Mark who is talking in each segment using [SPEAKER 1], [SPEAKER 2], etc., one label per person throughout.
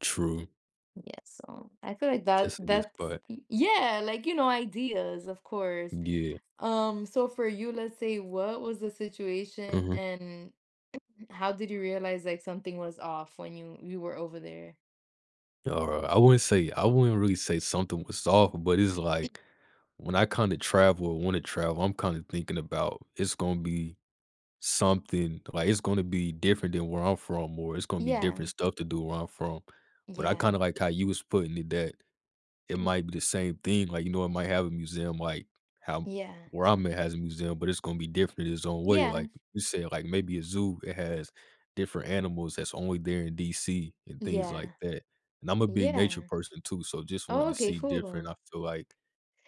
[SPEAKER 1] True.
[SPEAKER 2] Yes. So, I feel like that
[SPEAKER 1] Yes, it is,
[SPEAKER 2] that's
[SPEAKER 1] but
[SPEAKER 2] Y yeah! Like, you know, ideas, of course.
[SPEAKER 1] Yeah.
[SPEAKER 2] Um, so, for you, let's say, what was the situation,
[SPEAKER 1] Mhm.
[SPEAKER 2] and how did you realize, like, something was off when you you were over there?
[SPEAKER 1] Alri I wouldn't say I wouldn't really say something was off, but it's, like, when I kinda travel or wanna travel, I'm kinda thinking about it's gonna be something like, it's gonna be different than where I'm from or it's gonna be
[SPEAKER 2] Yeah.
[SPEAKER 1] different stuff to do where I'm from. But I
[SPEAKER 2] Yeah.
[SPEAKER 1] kinda like how you was putting it that it might be the same thing. Like, you know, it might have a museum, like, how
[SPEAKER 2] Yeah.
[SPEAKER 1] where I'm at has a museum, but it's gonna be different in its own way.
[SPEAKER 2] Yeah.
[SPEAKER 1] Like, you say, like, maybe a zoo that has different animals that's only there in DC and things like
[SPEAKER 2] Yeah.
[SPEAKER 1] that. And I'm a big nature
[SPEAKER 2] Yeah.
[SPEAKER 1] person too, so just wanting
[SPEAKER 2] Oh
[SPEAKER 1] to
[SPEAKER 2] okay,
[SPEAKER 1] see different,
[SPEAKER 2] full.
[SPEAKER 1] I feel like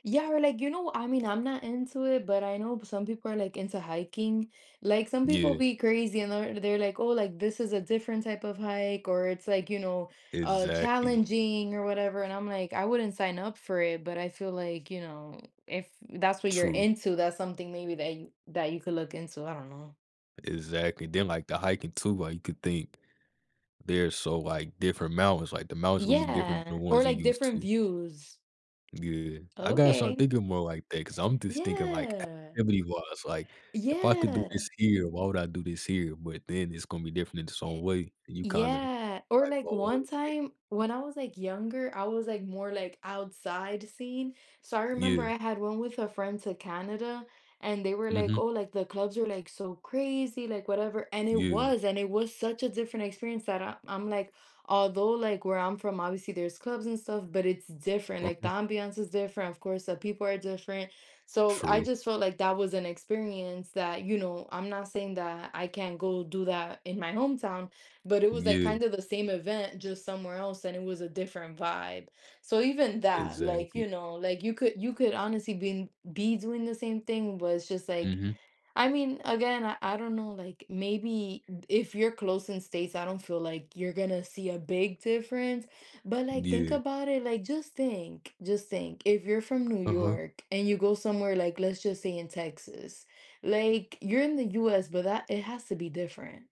[SPEAKER 2] Yeah. We're like, you know I mean, I'm not into it, but I know but some people are, like, into hiking. Like, some people
[SPEAKER 1] Yeah.
[SPEAKER 2] be crazy and they're they're like, "Oh, like, this is a different type of hike, or it's," like, you know, uh,
[SPEAKER 1] Exactly.
[SPEAKER 2] "challenging," or whatever. And I'm like, "I wouldn't sign up for it." But I feel like, you know, if that's what you're
[SPEAKER 1] True.
[SPEAKER 2] into, that's something maybe that you that you could look into. I don't know.
[SPEAKER 1] Exactly. Then, like, the hiking too, like, you could think they're so, like, different mountains. Like, the mountains gonna be different than
[SPEAKER 2] Yeah,
[SPEAKER 1] the
[SPEAKER 2] or,
[SPEAKER 1] ones you
[SPEAKER 2] like,
[SPEAKER 1] used
[SPEAKER 2] different
[SPEAKER 1] to.
[SPEAKER 2] views.
[SPEAKER 1] Yeah. I gotta start
[SPEAKER 2] Okay.
[SPEAKER 1] thinking more like that 'cause I'm just thinking, like,
[SPEAKER 2] Yeah.
[SPEAKER 1] activity-wise. Like, if I could do
[SPEAKER 2] Yeah.
[SPEAKER 1] this here, why would I do this here? But then it's gonna be different in its own way, and you kinda
[SPEAKER 2] Yeah. Or
[SPEAKER 1] like,
[SPEAKER 2] like
[SPEAKER 1] "Oh,
[SPEAKER 2] one
[SPEAKER 1] e"
[SPEAKER 2] time when I was, like, younger, I was, like, more, like, outside scene. So, I remember
[SPEAKER 1] Yeah.
[SPEAKER 2] I had one with a friend to Canada, and they were like, "Oh,
[SPEAKER 1] Mhm.
[SPEAKER 2] like, the clubs are, like, so crazy, like, whatever." And it
[SPEAKER 1] Yeah.
[SPEAKER 2] was. And it was such a different experience that I I'm like although, like, where I'm from, obviously, there's clubs and stuff, but it's different.
[SPEAKER 1] Uh
[SPEAKER 2] Like, the
[SPEAKER 1] huh.
[SPEAKER 2] ambiance is different of course, the people are different. So, I
[SPEAKER 1] True.
[SPEAKER 2] just felt like that was an experience that, you know, I'm not saying that I can't go do that in my hometown, but it was, like,
[SPEAKER 1] Yeah.
[SPEAKER 2] kinda the same event just somewhere else, and it was a different vibe. So, even that, like,
[SPEAKER 1] Exactly.
[SPEAKER 2] you know, like, you could you could honestly been be doing the same thing, but it's just, like
[SPEAKER 1] Mhm.
[SPEAKER 2] I mean, again, I I don't know, like, maybe if you're close in states, I don't feel like you're gonna see a big difference, but, like, think
[SPEAKER 1] Yeah.
[SPEAKER 2] about it, like, just think. Just think if you're from New
[SPEAKER 1] Uh-huh.
[SPEAKER 2] York and you go somewhere like, let's just say in Texas. Like, you're in the US, but that it has to be different.